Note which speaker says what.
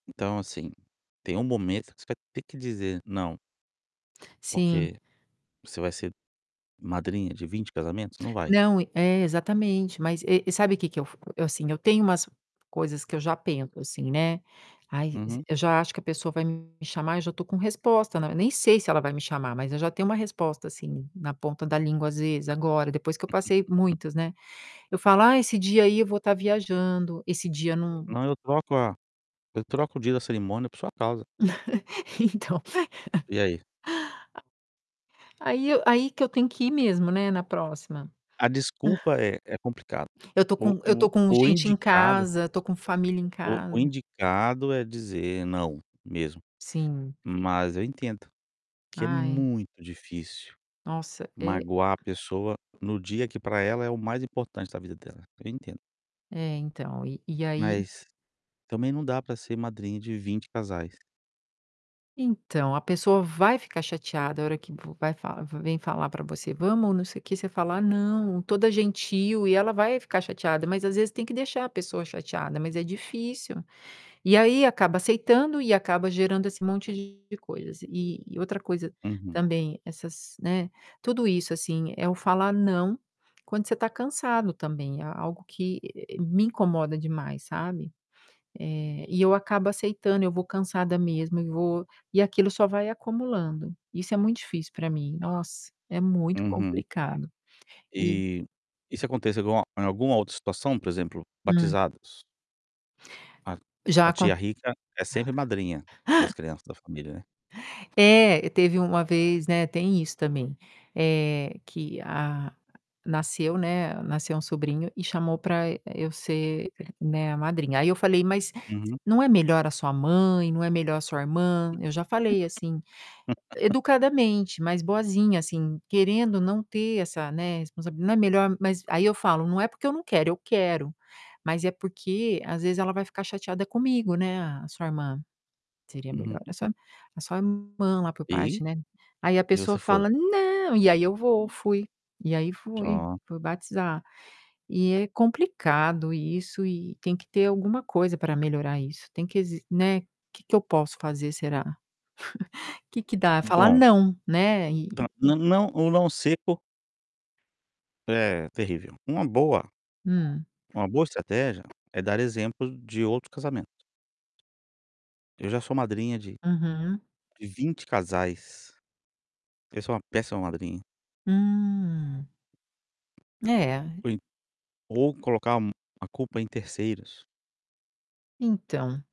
Speaker 1: Então, assim, tem um momento que você vai ter que dizer "não".
Speaker 2: Sim.
Speaker 1: Porque você vai ser madrinha de 20 casamentos? Não vai.
Speaker 2: Não, e é, exatamente, mas, e e sabe o que que eu f eu, assim, eu tenho umas coisas que eu já penso, assim, né. Ai, e
Speaker 1: Uhum.
Speaker 2: eu já acho que a pessoa vai me chamar, e já tô com resposta, né, nem sei se ela vai me chamar, mas eu já tenho uma resposta, assim, na ponta da língua, às vezes agora, depois que eu passei muitas, né? Eu falo: "Ah, esse dia aí eu vou estar viajando, esse dia não"
Speaker 1: Não, eu troco a eu troco o dia da cerimônia por sua causa.
Speaker 2: Então.
Speaker 1: E aí?
Speaker 2: Aí eu aí que eu tenho que ir mesmo, né, na próxima.
Speaker 1: A desculpa é é complicado.
Speaker 2: Eu tô
Speaker 1: O
Speaker 2: com eu
Speaker 1: o
Speaker 2: tô com
Speaker 1: o
Speaker 2: gente em
Speaker 1: indicado
Speaker 2: casa, eu tô com família em
Speaker 1: o o
Speaker 2: casa.
Speaker 1: indicado, é dizer "não", mesmo.
Speaker 2: Sim.
Speaker 1: Mas eu entendo que é
Speaker 2: Ai.
Speaker 1: muito difícil
Speaker 2: Nossa, é
Speaker 1: magoar a pessoa no dia que, pra ela, é o mais importante da vida dela. Eu entendo.
Speaker 2: É, então, e e aí
Speaker 1: Mas, também, não dá pra ser madrinha de 20 casais.
Speaker 2: Então, a pessoa vai ficar chateada, a hora que vo vai falar vem falar pra você: "Vamos, não sei o quê", você fala: "Não," toda gentil, e ela vai ficar chateada, mas, às vezes, tem que deixar a pessoa chateada, mas é difícil. E aí acaba aceitando e acaba gerando esse monte de coisas, e outra coisa
Speaker 1: Uhum.
Speaker 2: também, essas né, tudo isso, assim, é o falar "não", quando você tá cansado, também, é é algo que, eh eh eh, me incomoda demais, sabe? É, e eu acabo aceitando, eu vou cansada mesmo e vou e aquilo só vai acumulando. Isso é muito difícil pra mim, nossa, é muito
Speaker 1: Uhum.
Speaker 2: complicado. E
Speaker 1: E isso acontece alguma em alguma outra situação, por exemplo,
Speaker 2: Hum.
Speaker 1: batizados. A
Speaker 2: Já
Speaker 1: a
Speaker 2: acon
Speaker 1: tia rica é sempre a madrinha das crianças da família, né?
Speaker 2: É, teve uma vez, né tem isso também, eh, que a nasceu né, nasceu um sobrinho, e chamou pra e eu ser né, a madrinha. Aí eu falei: "Mas,
Speaker 1: Uhum.
Speaker 2: não é melhor a sua mãe? Não é melhor a sua irmã?" Eu já falei assim, educadamente, mais boazinha, assim, querendo não ter essa né, responsab não é melhor mas, aí eu falo: "Não é porque eu não quero, eu quero, Mas é porque às vezes ela vai ficar chateada comigo, né, a sua irmã. Seria melhor
Speaker 1: Uhum.
Speaker 2: a sua a sua irmã lá, por
Speaker 1: Ei?
Speaker 2: parte, né?" Aí a
Speaker 1: E
Speaker 2: pessoa
Speaker 1: você foi.
Speaker 2: fala: "Não", e aí eu vou fui. E aí fui,
Speaker 1: Pronto.
Speaker 2: fui batizar. E é complicado isso, e tem que ter alguma coisa pra melhorar isso, tem que exi né, que que eu posso fazer, será? Que que dá é falar
Speaker 1: Bom.
Speaker 2: "não", né. E
Speaker 1: Dã o não o não seco É, terrível. Uma boa
Speaker 2: Hum.
Speaker 1: uma boa estratégia é dar exemplo de outro casamento. "Eu já sou madrinha de
Speaker 2: Uhum.
Speaker 1: de 20 casais. Eu sou uma péssima madrinha."
Speaker 2: Hum. É.
Speaker 1: Por i ou colocar um a culpa em terceiros.
Speaker 2: Então